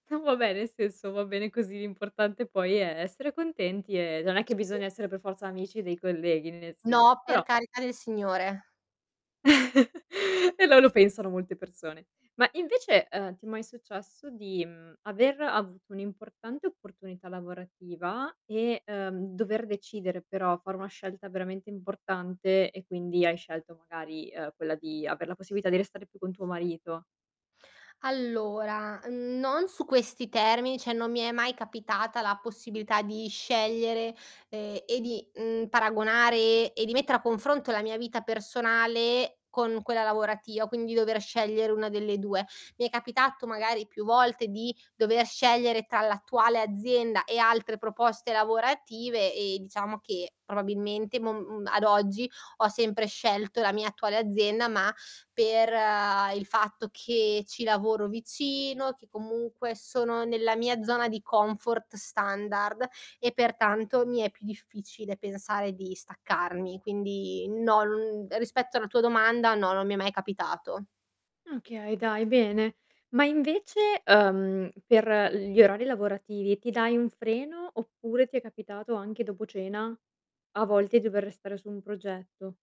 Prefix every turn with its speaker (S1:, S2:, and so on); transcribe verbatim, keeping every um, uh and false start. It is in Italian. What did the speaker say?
S1: No, va beh, nel senso, va bene così. L'importante poi è essere contenti e non è che
S2: Sì
S1: bisogna essere per forza amici dei colleghi, nel senso
S2: No,
S1: però
S2: per carità del Signore.
S1: E lo lo pensano molte persone. Ma invece, ehm, ti è mai successo di, mhmm, aver avuto un'importante opportunità lavorativa e, ehm, dover decidere però fare una scelta veramente importante e quindi hai scelto magari, ehm, quella di aver la possibilità di restare più con tuo marito?
S2: Allora, non su questi termini, cioè non mi è mai capitata la possibilità di scegliere, ehm, e di, mhmm, paragonare, ehm, e di mettere a confronto la mia vita personale con quella lavorativa, quindi dover scegliere una delle due. Mi è capitato, magari più volte di dover scegliere tra l'attuale azienda e altre proposte lavorative e diciamo che probabilmente mom uhm, ad oggi ho sempre scelto la mia attuale azienda, ma per, ehm, il fatto che ci lavoro vicino, che comunque sono nella mia zona di comfort standard, e pertanto mi è più difficile pensare di staccarmi. Quindi no, mhmm, rispetto alla tua domanda no, non mi è mai capitato.
S1: Okay, dai bene. Ma invece, uhm, per gli orari lavorativi, ti dai un freno oppure ti è capitato anche dopo cena a volte dover restare su un progetto?